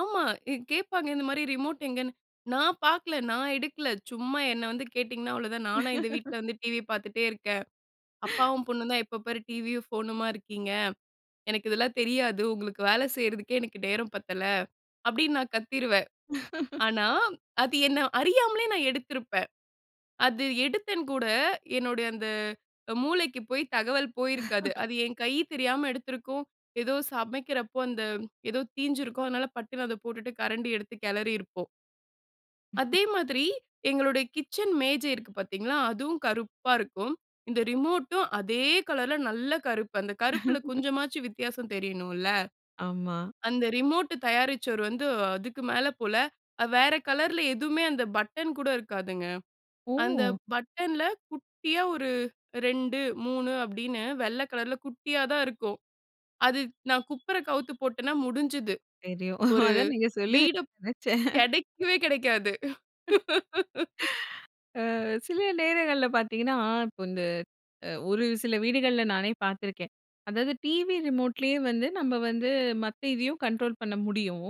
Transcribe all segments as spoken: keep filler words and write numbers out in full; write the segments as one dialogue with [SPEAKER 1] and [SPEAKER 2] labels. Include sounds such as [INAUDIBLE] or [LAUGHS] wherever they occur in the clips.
[SPEAKER 1] ஆமா. இ கேட்பாங்க இந்த மாரி, ரிமோட் எங்கன்னு. "நா பாக்கல, நா எடுக்கல. சும்மா என்ன வந்து கேட்டிங்கன்னா, அவ்வளோதான். நானா இந்த வீட்ல
[SPEAKER 2] [LAUGHS]
[SPEAKER 1] வந்து டிவி பாத்துட்டே இருக்கேன்?
[SPEAKER 2] [GASPS]
[SPEAKER 1] அப்பாவும், பொண்ணும் தான் எப்ப பாரு டிவியும், ஃபோனுமா இருக்கீங்க. எனக்கு இதெல்லாம் தெரியாது. உங்களுக்கு வேல செய்றதுக்கே எனக்கு நேரம் பத்தல" அப்படீன்னு நா கத்திருவேன்.
[SPEAKER 2] [LAUGHS]
[SPEAKER 1] ஆனா, அது என்ன அறியாமலே நான் எடுத்திருப்பேன். அது எடுத்தேன் கூட, என்னுடைய அந்த மூளைக்கு போய் தகவல் போயிருக்காது.
[SPEAKER 2] [LAUGHS]
[SPEAKER 1] அது என் கையி தெரியாம எடுத்திருக்கும். எதோ சமைக்கிறப்போ அந்த எதோ தீஞ்சிருக்கும், அதனால பட்டுன்னு அத போட்டுட்டு கரண்டி எடுத்து கெளறியிருப்போம்.
[SPEAKER 2] [CHUCKLES]
[SPEAKER 1] அதே மாதிரி, எங்களுடைய கிச்சன் மேஜை இருக்கு பாத்தீங்களா? அதுவும் கருப்பா இருக்கும். இந்த ரிமோட்டும் அதே கலர்ல நல்ல கருப்பு. அந்த கருப்புல
[SPEAKER 2] [LAUGHS]
[SPEAKER 1] கொஞ்சமாச்சும் வித்தியாசம் தெரியணும்ல்ல.
[SPEAKER 2] ஆமா.
[SPEAKER 1] அந்த ரிமோட்டு தயாரிச்சவரு வந்து அதுக்கு மேல போல. அ வேற கலர்ல எதுவுமே அந்த பட்டன் கூட இருக்காதுங்க. அந்த
[SPEAKER 2] ஓ!
[SPEAKER 1] பட்டன்ல, குட்டியா ஒரு "ரெண்டு, மூணு" அப்படீன்னு வெள்ள கலர்ல குட்டியா தான் இருக்கும். அது நா குப்புற கவுத்து போட்டன்னா முடிஞ்சுது.
[SPEAKER 2] தெரியும்.
[SPEAKER 1] ஒரு
[SPEAKER 2] அதான் நீங்க
[SPEAKER 1] வீடு
[SPEAKER 2] சொல்லுவீங்கன்னு நெனைச்சேன்.
[SPEAKER 1] கெடைக்கவே, கெடைக்காது.
[SPEAKER 2] அ
[SPEAKER 1] [LAUGHS]
[SPEAKER 2] சில நேரங்கள்ல பாத்தீங்கன்னா, இப்போ இந்த அ ஒரு சில வீடுகள்ல நானே பாத்துருக்கேன். அதாவது டிவி ரிமோட்லயே வந்து நம்ப வந்து மத்த இதையும் கண்ட்ரோல் பண்ண முடியும்.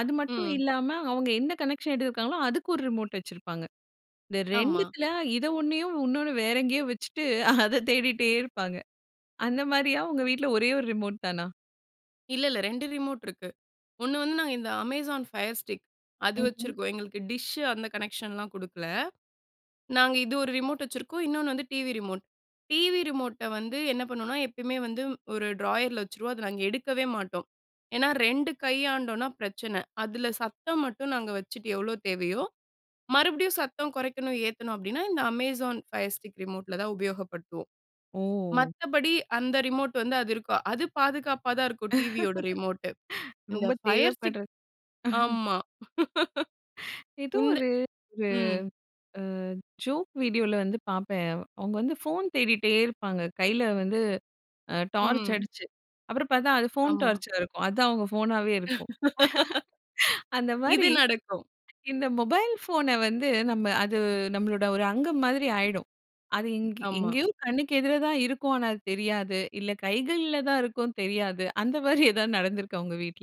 [SPEAKER 2] அது மட்டும்
[SPEAKER 1] ம்.
[SPEAKER 2] இல்லாம அவங்க எந்த கனெக்க்ஷன் எடுத்துருக்காங்களோ, அதுக்கு ஒரு ரிமோட் வச்சிருப்பாங்க. இந்த
[SPEAKER 1] ஆமா.
[SPEAKER 2] ரெண்டுத்துல, இத ஒண்ணயும் உன்னோன்னு வேற எங்கேயோ வச்சுட்டு, அத தேடிட்டே இருப்பாங்க. அந்த மாரியா? உங்க வீட்ல ஒரே ஒரு ரிமோட் தானா?
[SPEAKER 1] இல்ல, இல்ல. ரெண்டு ரிமோட் இருக்கு. ஒண்ணு வந்து நா இந்த "அமேசான் ஃபயர் ஸ்டிக்" அது
[SPEAKER 2] ம்ஹ்ம்.
[SPEAKER 1] வச்சுருக்கோம். எங்களுக்கு டிஷ்ஷு அந்த கனெக்ஷன்லாம் குடுக்கல. நாங்க இது ஒரு ரிமோட் வச்சுருக்கோம். இன்னொன்னு வந்து டிவி ரிமோட். டிவி ரிமோட்ட வந்து என்ன பண்ணுவோம்ன்னா, எப்பயுமே வந்து ஒரு ட்ராயர்ல வச்சுருவோம், அத நாங்க எடுக்கவே மாட்டோம். ஏன்னா, ரெண்டு கையாண்டோம்ன்னா பிரச்சனை. அதுல சத்தம் மட்டும் நாங்க வச்சுட்டு, எவ்வளோ தேவையோ, மறுபடியும் சத்தம் கொறைக்கணும், ஏத்தணும் அப்படீன்னா, இந்த அமேசான் ஃபயர் ஸ்டிக் ரிமோட்ல தான் உபயோகப்படுத்துவோம்.
[SPEAKER 2] ஓ!
[SPEAKER 1] மத்தபடி, அந்த ரிமோட் வந்து அது இருக்கும். அது பாதுகாப்பா தான் இருக்கும். டிவியோட ரிமோட்டு.
[SPEAKER 2] [LAUGHS]
[SPEAKER 1] இந்த
[SPEAKER 2] ரொம்ப
[SPEAKER 1] ஃபயர் ஸ்டிக்
[SPEAKER 2] தேவைப்படுறத் [CHUCKLES]
[SPEAKER 1] ஆமா.
[SPEAKER 2] எதோ
[SPEAKER 1] [LAUGHS] இந்த
[SPEAKER 2] ஒரு ஒரு
[SPEAKER 1] ம்.
[SPEAKER 2] அ ஜோக் வீடியோல வந்து பாப்பேன். அவ் அவுங்க வந்து ஃபோன் தேடிட்டே இருப்பாங்க. கையில வந்து அ டார்ச்
[SPEAKER 1] ம்.
[SPEAKER 2] அடிச்சு. அப்புறம் பாத்தா, அது ஃபோன்
[SPEAKER 1] ஆமா.
[SPEAKER 2] டார்ச்சா இருக்கும். அதான் அவுங்க ஃபோனாவே இருக்கும். [LAUGHS]
[SPEAKER 1] [LAUGHS]
[SPEAKER 2] அந்த
[SPEAKER 1] இது
[SPEAKER 2] மாரி,
[SPEAKER 1] நடக்கும்.
[SPEAKER 2] இந்த மொபைல் ஃபோன வந்து நம்ம அது நம்மளோட ஒரு அங்கம் மாதிரி ஆயிடும். அது இங்க
[SPEAKER 1] ஆமா.
[SPEAKER 2] எங்கேயோ கண்ணுக்கு எதிர தான் இருக்கும். ஆனா அது தெரியாது. இல்ல, கைகள்ல தான் இருக்கும், தெரியாது. அந்த மாரி எதாவது நடந்திருக்கா உங்க வீட்ல?